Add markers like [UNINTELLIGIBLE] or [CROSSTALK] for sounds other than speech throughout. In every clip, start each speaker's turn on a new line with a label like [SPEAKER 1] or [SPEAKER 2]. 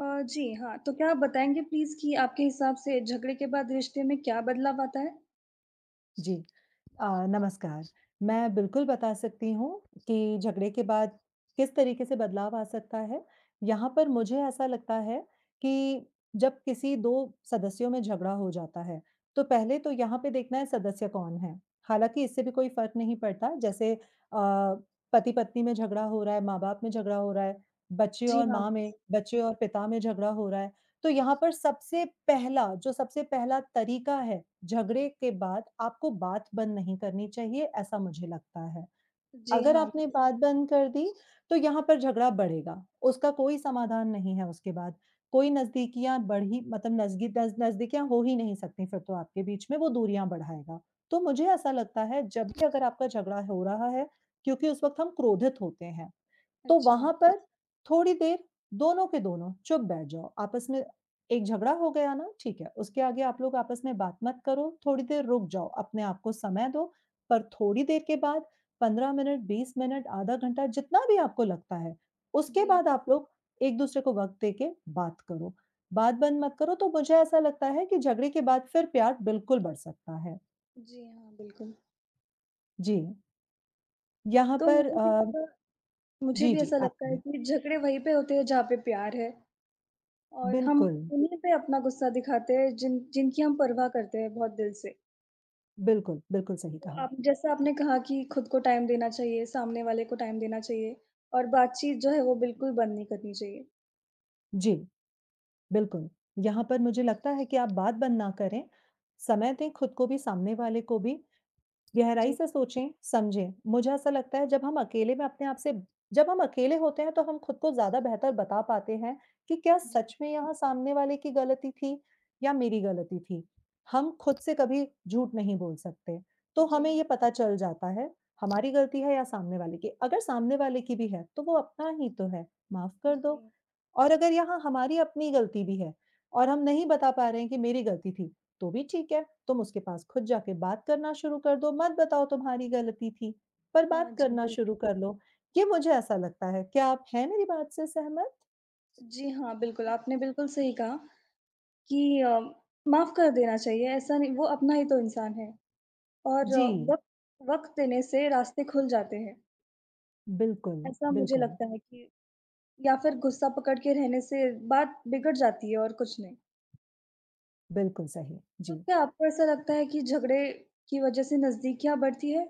[SPEAKER 1] अ, जी, हाँ। तो क्या आप बताएँगे प्लीज़ कि आपके हिसाब से झगड़े के बाद रिश्ते में क्या बदलाव आता है?
[SPEAKER 2] जी अ, नमस्कार। मैं बिल्कुल बता सकती हूँ कि झगड़े के बाद किस तरीके से बदलाव आ सकता है। यहाँ पर मुझे ऐसा लगता है कि जब किसी 2 सदस्यों में झगड़ा हो जाता है, तो पहले तो यहाँ पे देखना है,
[SPEAKER 1] हुँ।
[SPEAKER 2] सदस्य कौन है। हालाँकि इससे भी कोई फ़र्क नहीं पड़ता। जैसे अ, पति-पत्नी में झगड़ा हो रहा है, माँ बाप में झगड़ा हो रहा है, बच्चे
[SPEAKER 1] जी,
[SPEAKER 2] और
[SPEAKER 1] हाँ।
[SPEAKER 2] माँ में, बच्चे और पिता में झगड़ा हो रहा है। तो यहाँ पर सबसे पहला, जो सबसे पहला तरीका है, झगड़े के बाद आपको बात बंद नहीं करनी चाहिए, ऐसा मुझे लगता है।
[SPEAKER 1] जी,
[SPEAKER 2] अगर
[SPEAKER 1] हाँ।
[SPEAKER 2] आपने बात बंद कर दी, तो यहाँ पर झगड़ा बढ़ेगा। उसका कोई समाधान नहीं है, उसके बाद। कोई नज़दीकियाँ बढ़ीं, मतलब नज़गी दज़ नज़दीकियाँ हो ही नहीं सकतीं, फिर तो आपके बीच में। वो दूरियाँ बढ़ाएगा, तो मुझे ऐसा लगता है, जब भी अगर आपका झगड़ा हो रहा है, क्योंकि उस वक़्त हम क्रोधित होते हैं, तो
[SPEAKER 1] अच्छा।
[SPEAKER 2] वहाँ पर थोड़ी देर दोनों के दोनों चुप बैठ जाओ। आपस में एक झगड़ा हो गया ना, ठीक है। उसके आगे आप लोग आपस में बात मत करो, थोड़ी देर रुक जाओ, अपने आपको समय दो, पर थोड़ी देर के बाद 15 मिनट, 20 मिनट, आधा घंटा, जितना भी आपको लगता है, उसके
[SPEAKER 1] जी, हाँ।
[SPEAKER 2] बाद आप लोग एक-दूसरे को वक़्त दे के बात करो। बात बंद मत करो। तो मुझे ऐसा लगता है कि झगड़े के बाद, फिर प्यार बिल्कुल बढ़ सकता है।
[SPEAKER 1] जी हाँ, बिल्कुल।
[SPEAKER 2] जी। यहाँ
[SPEAKER 1] तो
[SPEAKER 2] पर
[SPEAKER 1] मुझे भी
[SPEAKER 2] अ
[SPEAKER 1] ऐसा मुझे
[SPEAKER 2] जी,
[SPEAKER 1] भी
[SPEAKER 2] जी,
[SPEAKER 1] ऐसा
[SPEAKER 2] आप
[SPEAKER 1] लगता है
[SPEAKER 2] कहें।
[SPEAKER 1] कि झगड़े वही पे होते हैं जहाँ पे प्यार है और हम
[SPEAKER 2] बिल्कुल।
[SPEAKER 1] उन्हीं पे अपना गुस्सा दिखाते हैं जिन जिनकी हम परवाह करते हैं बहुत दिल से।
[SPEAKER 2] बिल्कुल, बिल्कुल, सही
[SPEAKER 1] तो
[SPEAKER 2] कहा।
[SPEAKER 1] आप जैसा आपने कहा कि खुद को टाइम देना चाहिए, सामने वाले को टाइम देना चाहिए और बातचीत जो है, वो बिल्कुल बंद नहीं करनी चाहिए।
[SPEAKER 2] जी, बिल्कुल। यहाँ पर मुझे लगता है कि आप बात बंद ना करें, समय दें खुद को भी, सामने वाले को भी, गहराई
[SPEAKER 1] जी।
[SPEAKER 2] से सोचें-समझें। मुझे ऐसा लगता है जब हम अकेले में अपने आप से जब हम अकेले होते हैं तो हम खुद को ज़्यादा बेहतर बता पाते हैं, कि क्या
[SPEAKER 1] जी।
[SPEAKER 2] सच में यहाँ सामने वाले की गलती थी या मेरी गलती थी। हम खुद से कभी झूठ नहीं बोल सकते, तो
[SPEAKER 1] जी,
[SPEAKER 2] हमें
[SPEAKER 1] हाँ।
[SPEAKER 2] ये पता चल जाता है, हमारी गलती है या सामने वाले की। अगर सामने वाले की भी है तो वो अपना ही तो है, माफ कर दो
[SPEAKER 1] जी।
[SPEAKER 2] और अगर यहाँ हमारी अपनी गलती भी है और हम नहीं बता पा रहे हैं कि मेरी गलती थी, तो भी ठीक है। तुम उसके पास खुद जाके बात करना शुरू कर दो, मत बताओ तुम्हारी गलती थी, पर
[SPEAKER 1] हाँ
[SPEAKER 2] बात
[SPEAKER 1] जी,
[SPEAKER 2] करना
[SPEAKER 1] बिल्क
[SPEAKER 2] शुरू कर लो, कि मुझे ऐसा लगता है। क्या आप हैं मेरी बात से सहमत?
[SPEAKER 1] जी हाँ, बिल्कुल। आपने बिल्कुल सही कहा, कि अ, माफ कर देना चाहिए। ऐसा नहीं वो अपना ही तो इंसान है और
[SPEAKER 2] जी।
[SPEAKER 1] वक़्त वक़्त देने से रास्ते खुल जाते हैं।
[SPEAKER 2] बिल्कुल,
[SPEAKER 1] ऐसा मुझे
[SPEAKER 2] बिल्कुल।
[SPEAKER 1] लगता है कि या फिर गुस्सा पकड़ के रहने से बात बिगड़ जाती है, और कुछ नहीं।
[SPEAKER 2] बिल्कुल सही।
[SPEAKER 1] तो
[SPEAKER 2] जी।
[SPEAKER 1] क्या आपको ऐसा लगता है कि झगड़े की वज़ह से नज़दीकियाँ बढ़ती है?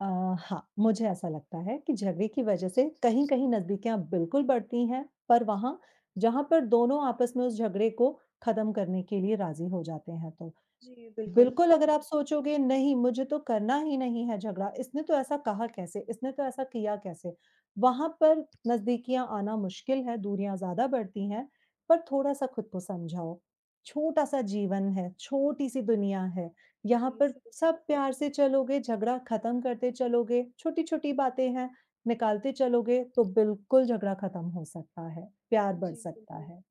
[SPEAKER 2] अ, हाँ, मुझे ऐसा लगता है कि झगड़े की वज़ह से कहीं-कहीं नज़दीकियाँ बिल्कुल बढ़ती हैं, पर वहाँ जहाँ पर दोनों आपस में उस झगड़े को खत्म करने के लिए राज़ी हो जाते हैं तो।
[SPEAKER 1] जी, बिल्कुल।
[SPEAKER 2] बिल्कुल अगर आप सोचोगे, नहीं, मुझे तो करना ही नहीं है झगड़ा, इसने तो ऐसा कहा कैसे, इसने तो ऐसा किया कैसे, वहाँ पर नज़दीकियाँ आना मुश्किल हैं, दूरियाँ ज़्यादा बढ़ती हैं। पर थोड़ा-सा खुद को समझाओ, छोटा-सा जीवन है, छोटी-सी दुनिया है, यहाँ
[SPEAKER 1] जी,
[SPEAKER 2] पर
[SPEAKER 1] सही बात।
[SPEAKER 2] सब प्यार से चलोगे, झगड़ा खत्म करते चलोगे, छोटी-छोटी बातें हैं, निकालते चलोगे, तो बिल्कुल झगड़ा खत्म हो सकता है, प्यार बढ़
[SPEAKER 1] जी,
[SPEAKER 2] सकता
[SPEAKER 1] बिल्कुल।
[SPEAKER 2] है।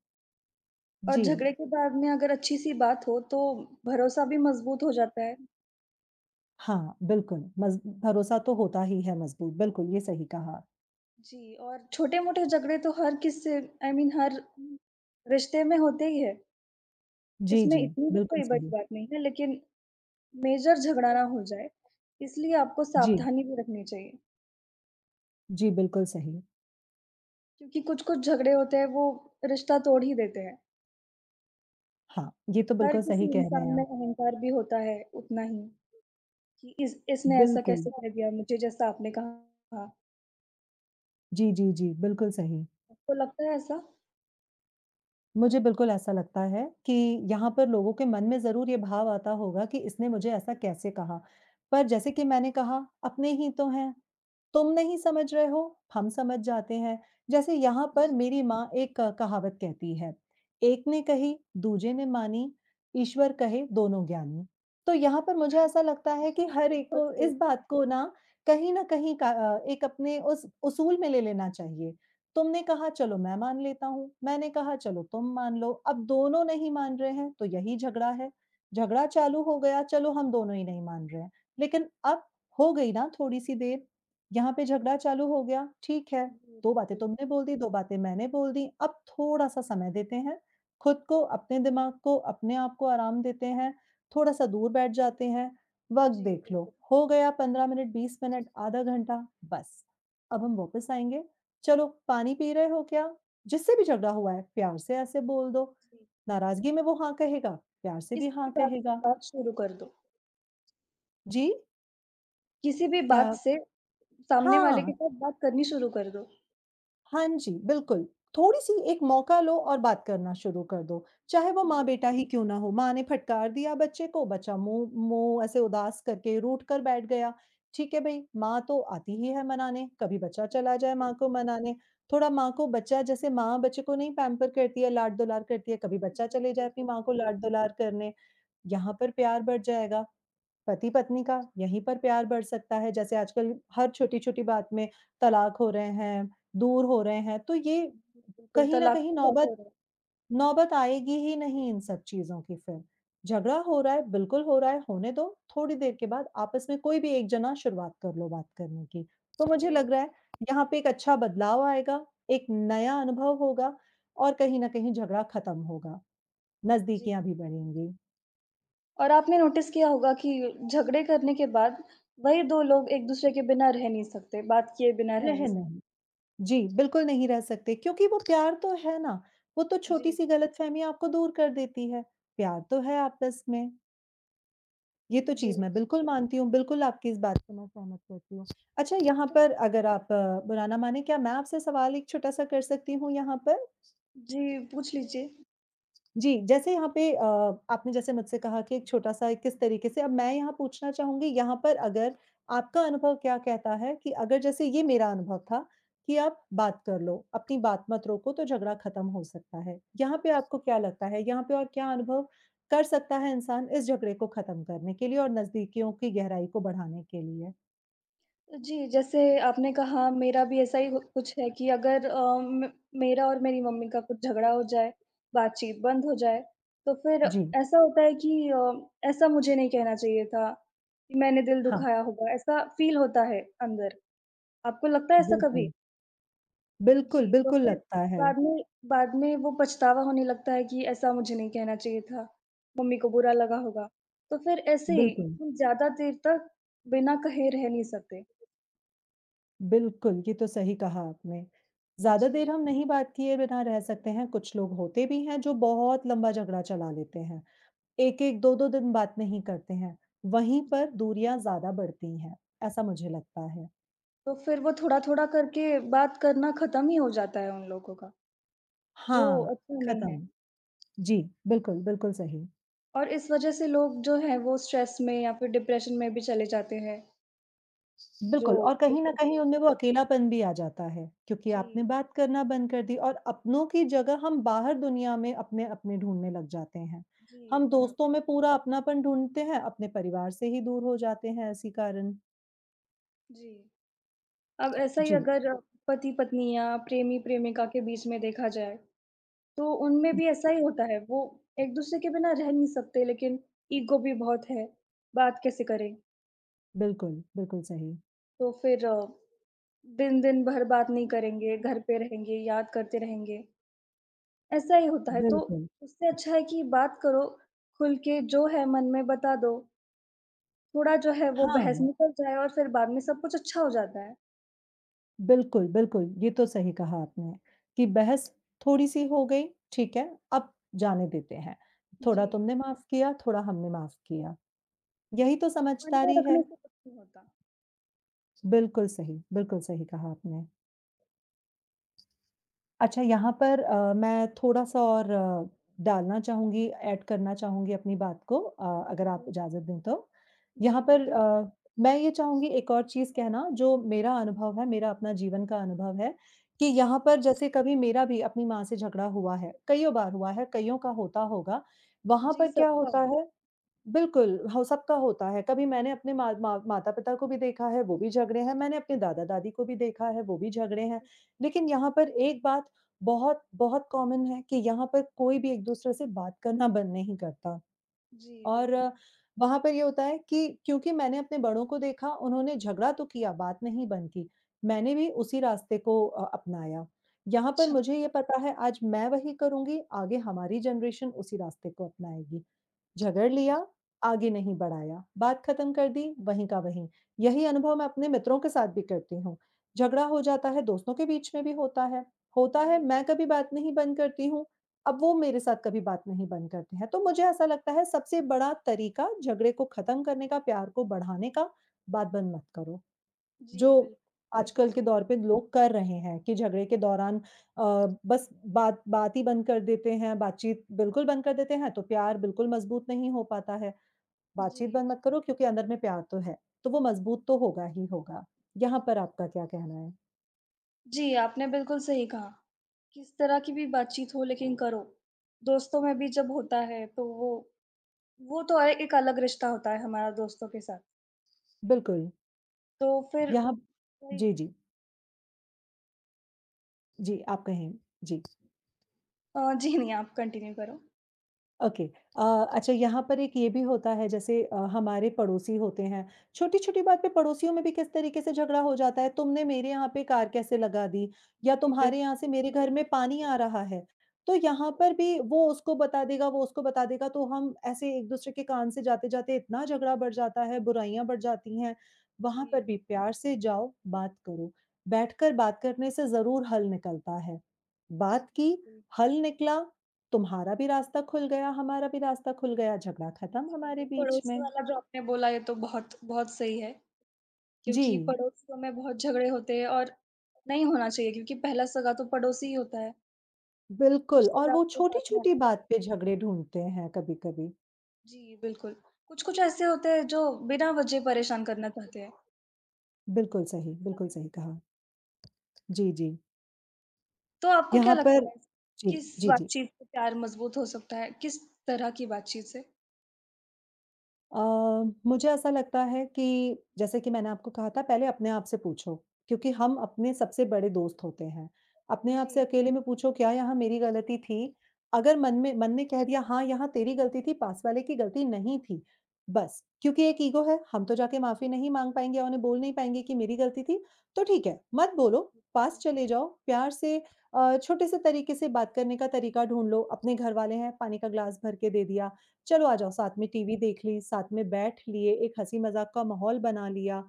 [SPEAKER 1] और
[SPEAKER 2] जी।
[SPEAKER 1] झगड़े के बाद में अगर अच्छी-सी बात हो, तो भरोसा भी मज़बूत हो जाता है।
[SPEAKER 2] हाँ, बिल्कुल, मज़ भरोसा तो होता ही है मज़बूत। बिल्कुल, ये सही कहा।
[SPEAKER 1] जी, और छोटे-मोटे झगड़े तो हर किसी आई मीन हर
[SPEAKER 2] हुँ।
[SPEAKER 1] रिश्ते में होते ही हैं।
[SPEAKER 2] जी,
[SPEAKER 1] इसमें
[SPEAKER 2] जी।
[SPEAKER 1] इतनी भी
[SPEAKER 2] बिल्कुल
[SPEAKER 1] कोई बड़ी
[SPEAKER 2] सही।
[SPEAKER 1] बात नहीं है लेकिन मेजर झगड़ा ना हो जाए इसलिए आपको
[SPEAKER 2] जी।
[SPEAKER 1] सावधानी भी रखनी चाहिए।
[SPEAKER 2] जी, बिल्कुल सही है।
[SPEAKER 1] क्योंकि कुछ-कुछ झगड़े होते हैं वो रिश्ता तोड़ ही देते हैं।
[SPEAKER 2] हाँ, ये तो
[SPEAKER 1] हर
[SPEAKER 2] बिल्कुल
[SPEAKER 1] किसी
[SPEAKER 2] सही कह रहे
[SPEAKER 1] इंसान
[SPEAKER 2] हैं आप।
[SPEAKER 1] में अहंकार भी होता है, उतना ही कि इस इसने ऐसा
[SPEAKER 2] बिल्कुल।
[SPEAKER 1] कैसे कह दिया मुझे, जैसा आपने कहा था।
[SPEAKER 2] जी, जी, जी। बिल्कुल सही।
[SPEAKER 1] आपको लगता है ऐसा?
[SPEAKER 2] मुझे बिल्कुल ऐसा लगता है कि यहाँ पर लोगों के मन में ज़रूर ये भाव आता होगा कि इसने मुझे ऐसा कैसे कहा, पर जैसे कि मैंने कहा, अपने ही तो हैं, तुम नहीं समझ रहे हो, हम समझ जाते हैं, जैसे यहाँ पर
[SPEAKER 1] जी।
[SPEAKER 2] मेरी माँ एक कहावत कहती है, "एक ने कही दूजे ने मानी, ईश्वर कहे दोनों ज्ञानी," तो यहाँ पर मुझे
[SPEAKER 1] हाँ।
[SPEAKER 2] ऐसा लगता है कि
[SPEAKER 1] ये
[SPEAKER 2] हर
[SPEAKER 1] तो
[SPEAKER 2] एक
[SPEAKER 1] बहुत
[SPEAKER 2] को
[SPEAKER 1] सही बात
[SPEAKER 2] इस
[SPEAKER 1] है।
[SPEAKER 2] बात को ना कहीं न कहीं अ, एक अपने उस उसूल में ले लेना चाहिए। तुमने कहा चलो मैं मान लेता हूँ, मैंने कहा चलो तुम मान लो, अब दोनों नहीं मान रहे हैं तो यही झगड़ा है, झगड़ा चालू हो गया चलो हम दोनों ही नहीं मान रहे हैं, लेकिन अब हो गई ना थोड़ी-सी देर, यहाँ पे झगड़ा चालू हो गया, ठीक है।
[SPEAKER 1] जी
[SPEAKER 2] दो बातें
[SPEAKER 1] बिल्कुल।
[SPEAKER 2] तुमने बोल दी, दो बातें मैंने बोल दी, अब थोड़ा-सा समय देते हैं खुद को, अपने दिमाग को, अपने आपको आराम देते हैं, थोड़ा-सा दूर बैठ जाते हैं, वक़्त
[SPEAKER 1] जी
[SPEAKER 2] देख लो,
[SPEAKER 1] बिल्कुल।
[SPEAKER 2] हो गया 15 मिनट, 20 मिनट, आधा घंटा, बस अब हम वापस आएँगे, चलो पानी पी रहे हो क्या? जिससे भी झगड़ा हुआ है प्यार से ऐसे बोल दो,
[SPEAKER 1] जी।
[SPEAKER 2] नाराज़गी में वो हाँ कहेगा, प्यार से भी
[SPEAKER 1] किसी
[SPEAKER 2] हाँ
[SPEAKER 1] भी बात से
[SPEAKER 2] कहेगा।
[SPEAKER 1] बात शुरू कर दो।
[SPEAKER 2] जी।
[SPEAKER 1] किसी भी
[SPEAKER 2] क्या?
[SPEAKER 1] बात से, सामने वाले के
[SPEAKER 2] हाँ।
[SPEAKER 1] साथ बात करनी शुरू कर दो।
[SPEAKER 2] हाँ जी, बिल्कुल, थोड़ी-सी एक मौका लो और बात करना शुरू कर दो, चाहे वो
[SPEAKER 1] जी।
[SPEAKER 2] माँ-बेटा ही क्यों ना हो? माँ ने फटकार दिया बच्चे को, बच्चा मुँह मुँह ऐसे उदास करके रूठ कर बैठ गया। ठीक है भई, माँ तो आती ही है मनाने, कभी बच्चा चला जाए
[SPEAKER 1] बिल्कुल।
[SPEAKER 2] माँ को मनाने, थोड़ा माँ को बच्चा जैसे माँ बच्चे को नहीं पैम्पर करती है, लाड-दुलार करती है, कभी
[SPEAKER 1] जी,
[SPEAKER 2] बच्चा चले जाए
[SPEAKER 1] बिल्कुल,
[SPEAKER 2] अपनी माँ
[SPEAKER 1] बि
[SPEAKER 2] को लाड-दुलार करने, यहाँ पर प्यार बढ़ जाएगा। पति-पत्नी का यहीं पर प्यार बढ़ सकता है, जैसे आजकल हर छोटी-छोटी बात में तलाक हो रहे हैं, दूर हो रहे हैं, तो ये
[SPEAKER 1] जी, बिल्कुल
[SPEAKER 2] कहीं न
[SPEAKER 1] तलाक
[SPEAKER 2] कहीं
[SPEAKER 1] तो बहुत
[SPEAKER 2] नौबत
[SPEAKER 1] हो रहे हैं।
[SPEAKER 2] नौबत आएगी ही नहीं इन सब चीज़ों की फिर। झगड़ा हो रहा है, बिल्कुल हो रहा है होने दो, थोड़ी देर के बाद आपस में कोई भी एक जना शुरुआत कर लो बात करने की, तो मुझे
[SPEAKER 1] जी।
[SPEAKER 2] लग रहा है यहाँ पे एक अच्छा बदलाव आएगा, एक नया अनुभव होगा और कहीं न कहीं झगड़ा खत्म होगा,
[SPEAKER 1] जी।
[SPEAKER 2] नज़दीकियाँ भी बढ़ेगी।
[SPEAKER 1] और आपने नोटिस किया होगा कि, झगड़े करने के बाद वही 2 लोग एक-दूसरे के बिना रह नहीं सकते, बात किए बिना रह नहीं
[SPEAKER 2] रह
[SPEAKER 1] स
[SPEAKER 2] नहीं जी, बिल्कुल नहीं रह सकते क्योंकि वो प्यार तो है ना, वो तो
[SPEAKER 1] जी।
[SPEAKER 2] छोटी-सी गलतफहमी आपको दूर कर देती है, प्यार तो है आपस में। ये तो चीज़
[SPEAKER 1] जी।
[SPEAKER 2] मैं बिल्कुल मानती हूँ, बिल्कुल आपकी इस बात से मैं सहमत करती हूँ। अच्छा, यहाँ पर अगर आप बुरा ना मानें, क्या मैं आपसे सवाल एक छोटा-सा कर सकती हूँ यहाँ पर?
[SPEAKER 1] जी, पूछ लीजिए।
[SPEAKER 2] जी, जैसे यहाँ पे अ, आपने जैसे मुझसे कहा कि एक छोटा-सा एक किस तरीके से अब मैं यहाँ पूछना चाहूँगी यहाँ पर अगर आपका अनुभव क्या कहता है कि अगर जैसे ये मेरा अनुभव था, कि आप बात कर लो। अपनी बात मत रोको तो झगड़ा खत्म हो सकता है। यहाँ पे आपको क्या लगता है, यहाँ पे और क्या अनुभव कर सकता है इंसान इस झगड़े को खत्म करने के लिए और नज़दीकियों की गहराई को बढ़ाने के लिए?
[SPEAKER 1] अ, जी, जैसे आपने कहा मेरा भी ऐसा ही घ कुछ है कि अगर अम, म मेरा और मेरी मम्मी का कुछ झगड़ा हो जाए, बातचीत बंद हो जाए, तो फिर
[SPEAKER 2] जी।
[SPEAKER 1] ऐसा होता है कि अ, ऐसा मुझे नहीं कहना चाहिए था। मैंने दिल
[SPEAKER 2] हाँ।
[SPEAKER 1] दुखाया होगा, ऐसा फ़ील होता है अंदर। आपको लगता है ऐसा कभी?
[SPEAKER 2] बिल्कुल। बिल्कुल,
[SPEAKER 1] जी, तो
[SPEAKER 2] बिल्कुल,
[SPEAKER 1] फिर
[SPEAKER 2] लगता है।
[SPEAKER 1] बाद में बाद में वो पछतावा होने लगता है कि ऐसा मुझे नहीं कहना चाहिए था, मम्मी को बुरा लगा होगा। तो फिर ऐसे ही
[SPEAKER 2] बिल्कुल।
[SPEAKER 1] उ ज़्यादा देर तक बिना कहे रह नहीं सकते।
[SPEAKER 2] बिल्कुल, ये तो सही कहा आपने। ज़्यादा देर
[SPEAKER 1] जी।
[SPEAKER 2] हम नहीं बात किए बिना रह सकते हैं, कुछ लोग होते भी हैं, जो बहुत लम्बा झगड़ा चला लेते हैं। 1-1 2-2 दिन बात नहीं करते हैं, वहीं
[SPEAKER 1] जी।
[SPEAKER 2] पर दूरियाँ ज़्यादा बढ़ती हैं, ऐसा मुझे लगता है।
[SPEAKER 1] तो फिर वो थोड़ा-थोड़ा करके, बात करना खत्म ही हो जाता है उन लोगों का, जो
[SPEAKER 2] हाँ,
[SPEAKER 1] अच्छा नहीं है।
[SPEAKER 2] खत्म। जी, बिल्कुल, बिल्कुल सही।
[SPEAKER 1] और इस वजह से लोग जो हैं, वो स्ट्रेस में या फिर डिप्रेशन में भी चले जाते हैं। जो
[SPEAKER 2] बिल्कुल, और कहीं न
[SPEAKER 1] बिल्कुल
[SPEAKER 2] कहीं
[SPEAKER 1] सही।
[SPEAKER 2] उनमें वो अकेलापन भी आ जाता है। क्योंकि आपने
[SPEAKER 1] जी।
[SPEAKER 2] बात करना बंद कर दी और अपनों की जगह हम बाहर दुनिया में अपने-अपने ढूँढ़ने लग जाते हैं,
[SPEAKER 1] जी,
[SPEAKER 2] हम
[SPEAKER 1] बराब
[SPEAKER 2] दोस्तों में पूरा अपनापन ढूँढ़ते हैं, अपने परिवार से ही दूर हो जाते हैं इसी कारण।
[SPEAKER 1] जी। अब ऐसा ही
[SPEAKER 2] जी।
[SPEAKER 1] अगर पति-पत्नी या प्रेमी-प्रेमिका के बीच में देखा जाए, तो उनमें भी ऐसा
[SPEAKER 2] [UNINTELLIGIBLE]
[SPEAKER 1] ही होता है, वो एक-दूसरे के बिना रह नहीं सकते, लेकिन ईगो भी बहुत है, बात कैसे करें?
[SPEAKER 2] बिल्कुल, बिल्कुल सही।
[SPEAKER 1] तो फिर, दिन-दिन भर बात नहीं करेंगे,
[SPEAKER 2] [UNINTELLIGIBLE]
[SPEAKER 1] घर पे रहेंगे, याद करते रहेंगे। ऐसा ही होता है, तो
[SPEAKER 2] बिल्कुल।
[SPEAKER 1] उससे अच्छा है कि बात करो खुल के। जो है मन में, बता दो। थोड़ा जो है वो बहस
[SPEAKER 2] हाँ।
[SPEAKER 1] निकल जाए और फिर बाद में सब कुछ अच्छा हो जाता है।
[SPEAKER 2] बिल्कुल, बिल्कुल। ये तो सही कहा आपने कि बहस थोड़ी-सी हो गई, ठीक है? अब जाने देते हैं, थोड़ा
[SPEAKER 1] जी।
[SPEAKER 2] तुमने माफ़ किया, थोड़ा हमने माफ़ किया, यही तो
[SPEAKER 1] मन में
[SPEAKER 2] समझदारी है।
[SPEAKER 1] रखने से कुछ नहीं होता।
[SPEAKER 2] बिल्कुल सही। बिल्कुल सही कहा आपने। अच्छा, यहाँ पर अ, मैं थोड़ा-सा और डालना चाहूँगी, एड करना चाहूँगी अपनी बात को अ, अगर आप
[SPEAKER 1] जी।
[SPEAKER 2] इजाज़त दें तो?
[SPEAKER 1] जी
[SPEAKER 2] यहाँ पर
[SPEAKER 1] बिल्कुल।
[SPEAKER 2] अ, मैं ये चाहूँगी एक और चीज़ कहना जो मेरा अनुभव है, मेरा अपना जीवन का अनुभव है कि
[SPEAKER 1] जी।
[SPEAKER 2] यहाँ पर जैसे कभी मेरा भी अपनी माँ से झगड़ा हुआ है, कइयों बार हुआ है, कइयों का होता होगा, वहाँ
[SPEAKER 1] जी
[SPEAKER 2] पर क्या होता
[SPEAKER 1] सबका।
[SPEAKER 2] है बिल्कुल, हो सबका होता है। कभी मैंने अपने माँ माँ माता-पिता को भी देखा है, वो भी झगड़े हैं, मैंने अपने दादा-दादी को भी देखा है, वो भी झगड़े हैं लेकिन यहाँ पर एक बात बहुत बहुत कॉमन है कि यहाँ पर कोई भी एक-दूसरे से बात करना बंद नहीं करता
[SPEAKER 1] जी
[SPEAKER 2] और
[SPEAKER 1] बिल्कुल।
[SPEAKER 2] वहाँ पर ये होता है कि क्योंकि मैंने अपने बड़ों को देखा, उन्होंने झगड़ा तो किया, बात नहीं बंद की, मैंने भी उसी रास्ते को अ, अपनाया, यहाँ पर
[SPEAKER 1] अच्छा।
[SPEAKER 2] मुझे ये पता है आज मैं वही करुँगी, आगे हमारी जनरेशन उसी रास्ते को अपनाएगी। झगड़ लिया, आगे नहीं बढ़ाया, बात ख़त्म कर दी वहीं का वहीं, यही अनुभव मैं अपने मित्रों के साथ भी करती हूँ, झगड़ा हो जाता है दोस्तों के बीच में भी होता है। होता है
[SPEAKER 1] जी बिल
[SPEAKER 2] मैं कभी बात नहीं बंद करती हूँ, अब वो मेरे साथ कभी बात नहीं बंद करते हैं, तो मुझे ऐसा लगता है सबसे बड़ा तरीका झगड़े ख़त्म करने का प्यार को बढ़ाने का, बात बंद मत करो। जो
[SPEAKER 1] जी बिल्क बिल्कुल
[SPEAKER 2] आजकल के
[SPEAKER 1] सर।
[SPEAKER 2] दौर पे लोग कर रहे हैं कि झगड़े के दौरान अ, बस बात बात ही बंद कर देते हैं, बातचीत बिल्कुल बंद कर देते हैं तो प्यार बिल्कुल मजबूत नहीं हो पाता है, बातचीत
[SPEAKER 1] जी।
[SPEAKER 2] बंद मत करो क्योंकि अंदर में प्यार तो है, तो वो मजबूत तो होगा ही होगा, यहाँ पर आपका क्या कहना है?
[SPEAKER 1] जी, आपने बिल्कुल सही कहा, किस तरह की भी बातचीत हो लेकिन करो, दोस्तों में भी जब होता है तो वो वो तो अ, एक अलग रिश्ता होता है हमारा दोस्तों के साथ।
[SPEAKER 2] बिल्कुल।
[SPEAKER 1] तो फिर
[SPEAKER 2] यहाँ जी,
[SPEAKER 1] वही।
[SPEAKER 2] जी। जी, आप कहें, जी।
[SPEAKER 1] अ, जी नहीं आप कंटिन्यू करो।
[SPEAKER 2] ओके, अ, अच्छा यहाँ पर एक ये भी होता है जैसे अ, हमारे पड़ोसी होते हैं, छोटी-छोटी बात पे पड़ोसियों में भी किस तरीके से झगड़ा हो जाता है, तुमने मेरे यहाँ पे कार कैसे लगा दी? या
[SPEAKER 1] जी,
[SPEAKER 2] तुम्हारे
[SPEAKER 1] बिल्कुल
[SPEAKER 2] यहाँ से
[SPEAKER 1] ये तो
[SPEAKER 2] मेरे घर
[SPEAKER 1] सही।
[SPEAKER 2] में पानी आ रहा है। तो यहाँ पर भी वो उसको बता देगा, वो उसको बता देगा तो हम ऐसे एक दूसरे के कान से जाते-जाते इतना झगड़ा बढ़ जाता है, बुराइयाँ बढ़ जाती हैं। वहाँ पर
[SPEAKER 1] जी।
[SPEAKER 2] भी प्यार से जाओ बात करो, बैठकर बात करने से ज़रूर हल निकलता है। बात
[SPEAKER 1] जी,
[SPEAKER 2] की,
[SPEAKER 1] जी।
[SPEAKER 2] हल निकला, तुम्हारा भी रास्ता खुल गया, हमारा भी रास्ता खुल गया, झगड़ा खत्म
[SPEAKER 1] जी, जी,
[SPEAKER 2] हमारे बीच
[SPEAKER 1] पड़ोसी
[SPEAKER 2] में।
[SPEAKER 1] वाला जो आपने बोला ये तो बहुत, बहुत सही है। क्योंकि
[SPEAKER 2] जी।
[SPEAKER 1] पड़ोसियों में बहुत झगड़े होते हैं और नहीं होना चाहिए क्योंकि पहला सगा तो पड़ोसी ही होता हैं।
[SPEAKER 2] बिल्कुल और
[SPEAKER 1] रिश्तेदार
[SPEAKER 2] वो
[SPEAKER 1] तो बाद में आ
[SPEAKER 2] छोटी-छोटी बात पे झगड़े ढूँढ़ते हैं कभी-कभी।
[SPEAKER 1] जी, बिल्कुल, कुछ-कुछ ऐसे होते हैं जो बिना वजह परेशान करना चाहते हैं।
[SPEAKER 2] बिल्कुल सही, बिल्कुल
[SPEAKER 1] सभी।
[SPEAKER 2] सही कहा। जी, जी।
[SPEAKER 1] तो आपको क्या
[SPEAKER 2] यहाँ
[SPEAKER 1] लगता
[SPEAKER 2] पर
[SPEAKER 1] है?
[SPEAKER 2] जी,
[SPEAKER 1] किस
[SPEAKER 2] जी, जी।
[SPEAKER 1] बातचीत से प्यार मजबूत हो सकता है? किस तरह की बातचीत से?
[SPEAKER 2] अ, मुझे ऐसा लगता है कि जैसे कि मैंने आपको कहा था पहले अपने आप से पूछो, क्योंकि हम अपने सबसे बड़े दोस्त होते हैं। अपने आप से
[SPEAKER 1] जी।
[SPEAKER 2] अकेले में पूछो क्या यहाँ मेरी गलती थी, अगर मन में मन ने कह दिया हाँ यहाँ तेरी गलती थी पास वाले की गलती नहीं थी। बस, क्योंकि एक ईगो है, हम तो जाके माफी नहीं माँग पाएँगे और उन्हें बोल नहीं पाएँगे कि मेरी गलती थी, तो ठीक है। मत बोलो, पास चले जाओ, प्यार से अ, छोटे-से तरीक़े से बात करने का तरीक़ा ढूँढ़ लो, अपने घर वाले हैं, पानी का ग्लास भर के दे दिया। चलो आ जाओ साथ में
[SPEAKER 1] हाँ।
[SPEAKER 2] टीवी देख ली, साथ में बैठ लिए, एक हँसी-मज़ाक का माहौल बना लिया,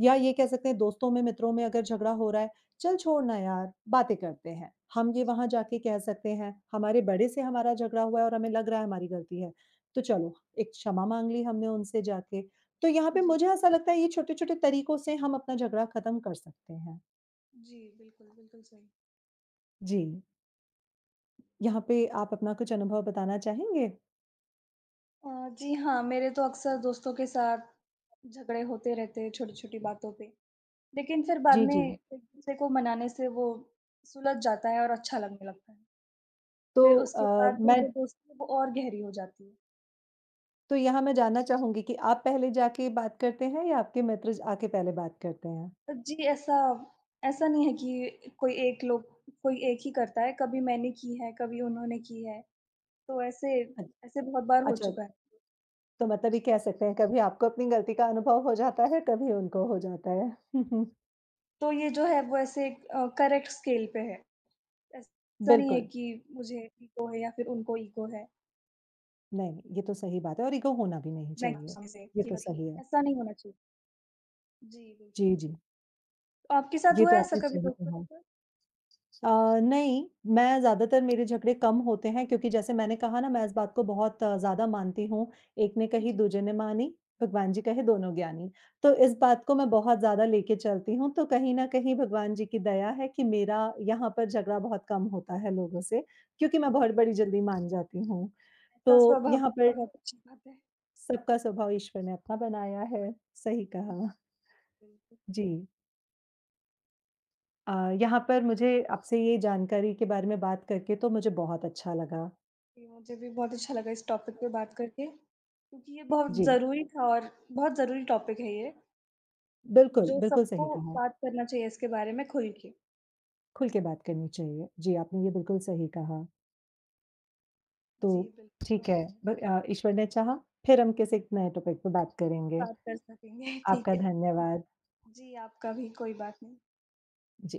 [SPEAKER 2] या ये कह सकते हैं दोस्तों में मित्रों में अगर झगड़ा हो रहा है, चल छोड़ ना यार, बातें करते हैं। हम ये
[SPEAKER 1] जी।
[SPEAKER 2] वहाँ जाके कह सकते हैं, हमारे बड़े से हमारा झगड़ा हुआ और हमें लग रहा है हमारी गलती है, तो चलो एक क्षमा माँग ली हमने उनसे जाके, तो यहाँ पे
[SPEAKER 1] जी।
[SPEAKER 2] मुझे ऐसा लगता है ये छोटे-छोटे तरीक़ों से हम अपना झगड़ा ख़त्म कर सकते हैं।
[SPEAKER 1] जी, बिल्कुल, बिल्कुल सही।
[SPEAKER 2] जी। यहाँ पे आप अपना कुछ अनुभव बताना चाहेंगे?
[SPEAKER 1] अ, जी हाँ, मेरे तो अक्सर दोस्तों के साथ, झगड़े होते रहते हैं छोटी-छोटी बातों पे, लेकिन फिर बाद
[SPEAKER 2] जी,
[SPEAKER 1] में
[SPEAKER 2] जी।
[SPEAKER 1] एक-दूसरे को मनाने से वो सुलझ जाता है और अच्छा लगने लगता है।
[SPEAKER 2] तो
[SPEAKER 1] फिर उसके
[SPEAKER 2] अ,
[SPEAKER 1] बाद में जो
[SPEAKER 2] मैं
[SPEAKER 1] दोस्ती है, वो और गहरी हो जाती है।
[SPEAKER 2] तो यहाँ मैं जानना चाहूँगी कि आप पहले जाके बात करते हैं या आपके मित्र ज आके पहले बात करते हैं?
[SPEAKER 1] अ, जी, ऐसा ऐसा नहीं है कि, कोई एक लोग कोई एक ही करता है, कभी मैंने की है, कभी उन्होंने की है। तो ऐसे
[SPEAKER 2] अच
[SPEAKER 1] ऐसे बहुत बार हो
[SPEAKER 2] अच्छा।
[SPEAKER 1] चुका है।
[SPEAKER 2] तो मतलब ये
[SPEAKER 1] जी।
[SPEAKER 2] कह सकते हैं, कभी आपको अपनी गलती का अनुभव हो जाता है, कभी
[SPEAKER 1] हुँ, हुँ,
[SPEAKER 2] उनको
[SPEAKER 1] हुँ।
[SPEAKER 2] हो जाता है। [CHUCKLES]
[SPEAKER 1] तो ये जो है, वो ऐसे अ, करेक्ट स्केल पे है। ऐसा नहीं है
[SPEAKER 2] बिल्कुल।
[SPEAKER 1] कि मुझे ईगो है या फिर उनको ईगो है।
[SPEAKER 2] नहीं, नहीं, ये तो सही बात है और ईगो होना भी नहीं
[SPEAKER 1] मैं
[SPEAKER 2] चाहिए। ये
[SPEAKER 1] [UNINTELLIGIBLE] जी,
[SPEAKER 2] तो
[SPEAKER 1] बताइए
[SPEAKER 2] सही है।
[SPEAKER 1] ऐसा नहीं होना चाहिए। जी,
[SPEAKER 2] जी,
[SPEAKER 1] बिल्कुल।
[SPEAKER 2] जी।
[SPEAKER 1] आपके साथ
[SPEAKER 2] ये
[SPEAKER 1] हुआ
[SPEAKER 2] तो
[SPEAKER 1] है ऐसा
[SPEAKER 2] आपने
[SPEAKER 1] कभी
[SPEAKER 2] सही
[SPEAKER 1] दोस्तों
[SPEAKER 2] कहा।
[SPEAKER 1] के साथ?
[SPEAKER 2] अ, नहीं, मैं ज़्यादातर मेरे झगड़े कम होते हैं क्योंकि जैसे मैंने कहा ना, मैं इस बात को बहुत ज़्यादा मानती हूँ, एक ने कही,
[SPEAKER 1] जी।
[SPEAKER 2] दूजे ने मानी, भगवान जी कहें, दोनों ज्ञानी। तो इस बात को मैं बहुत ज़्यादा लेके चलती हूँ, तो कहीं न कहीं भगवान जी की दया है कि मेरा यहाँ पर झगड़ा बहुत कम होता है लोगों से, क्योंकि मैं बहुत
[SPEAKER 1] जी।
[SPEAKER 2] बड़ी जल्दी मान जाती हूँ।
[SPEAKER 1] ता
[SPEAKER 2] तो
[SPEAKER 1] स्वभाव
[SPEAKER 2] यहाँ
[SPEAKER 1] रखना
[SPEAKER 2] पे
[SPEAKER 1] बहुत अच्छी बात है।
[SPEAKER 2] सबका स्वभाव ईश्वर ने अपना बनाया है, सही
[SPEAKER 1] हुँ,
[SPEAKER 2] कहा।
[SPEAKER 1] बिल्कुल।
[SPEAKER 2] जी। अ, यहाँ पर मुझे आपसे ये जानकारी के बारे में बात करके तो मुझे बहुत अच्छा लगा।
[SPEAKER 1] जी, मुझे भी बहुत अच्छा लगा इस टॉपिक पे बात करके, क्योंकि ये बहुत
[SPEAKER 2] जी।
[SPEAKER 1] ज़रूरी था और बहुत ज़रूरी टॉपिक है ये
[SPEAKER 2] बिल्कुल,
[SPEAKER 1] जो
[SPEAKER 2] बिल्कुल
[SPEAKER 1] सबको
[SPEAKER 2] सही कहा।
[SPEAKER 1] बात करना चाहिए इसके बारे में खुल के।
[SPEAKER 2] खुल के बात करनी चाहिए, जी, आपने ये बिल्कुल सही कहा। तो,
[SPEAKER 1] जी,
[SPEAKER 2] ठीक
[SPEAKER 1] बिल्कुल।
[SPEAKER 2] है, ब अ, ईश्वर ने चाहा फिर हम किसी नए टॉपिक पे बात करेंगे।
[SPEAKER 1] बात कर सकेंगे, ठीक
[SPEAKER 2] आपका
[SPEAKER 1] है।
[SPEAKER 2] धन्यवाद।
[SPEAKER 1] जी, आपका भी, कोई बात नहीं।
[SPEAKER 2] जी।